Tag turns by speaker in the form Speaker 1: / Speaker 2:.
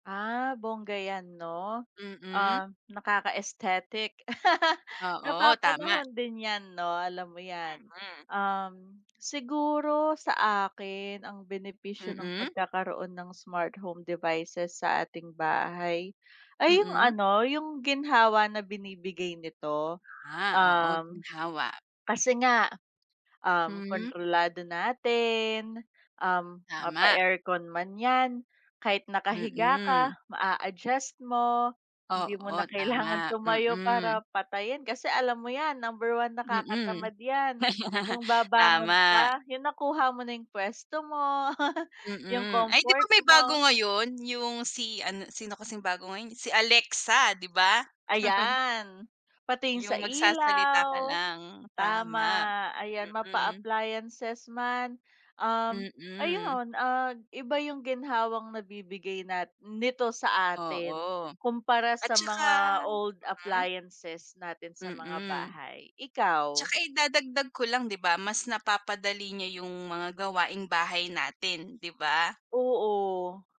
Speaker 1: Ah bongga yan 'no?
Speaker 2: Mm.
Speaker 1: Um, nakaka aesthetic.
Speaker 2: Oo tama.
Speaker 1: Napapanahon din yan no alam mo 'yan,
Speaker 2: Mm.
Speaker 1: um, siguro sa akin ang benepisyo ng
Speaker 2: Mm.
Speaker 1: pagkakaroon ng smart home devices sa ating bahay, ay 'yung
Speaker 2: Mm.
Speaker 1: ano 'yung ginhawa na binibigay nito.
Speaker 2: Ah, oo,
Speaker 1: Um,
Speaker 2: ginhawa.
Speaker 1: kasi nga um
Speaker 2: Hmm.
Speaker 1: kontrolado natin, um
Speaker 2: Tama.
Speaker 1: mapa-aircon man yan kahit nakahiga ka
Speaker 2: Mm.
Speaker 1: maa-adjust mo, hindi mo
Speaker 2: Oo,
Speaker 1: na kailangan
Speaker 2: tama.
Speaker 1: tumayo
Speaker 2: Mm.
Speaker 1: para patayin, kasi alam mo yan number 1
Speaker 2: Mm.
Speaker 1: nakakatamad yan 'yung babangon
Speaker 2: Tama.
Speaker 1: ka, 'yung nakuha mo na 'yung pwesto mo, 'yung
Speaker 2: Mm, ay 'di ba
Speaker 1: comfort
Speaker 2: may bago
Speaker 1: mo.
Speaker 2: ngayon yung si ano, sino kasing bago ngayon si Alexa, 'di ba?
Speaker 1: Ayan, pati 'yung sa
Speaker 2: 'Yung magsasalita ka
Speaker 1: ilaw.
Speaker 2: lang,
Speaker 1: Tama,
Speaker 2: tama.
Speaker 1: ayan
Speaker 2: Mm.
Speaker 1: mapa-appliances man, um
Speaker 2: Mm.
Speaker 1: ayun at iba 'yung ginhawang nabibigay nat nito sa atin,
Speaker 2: Oo
Speaker 1: kumpara
Speaker 2: at
Speaker 1: sa
Speaker 2: saka
Speaker 1: mga old
Speaker 2: mm.
Speaker 1: appliances natin sa mga
Speaker 2: Mm.
Speaker 1: bahay,
Speaker 2: At
Speaker 1: ikaw?
Speaker 2: saka idadagdag ko lang, 'di ba mas napapadali niya 'yung mga gawaing bahay natin, 'di ba?
Speaker 1: Oo.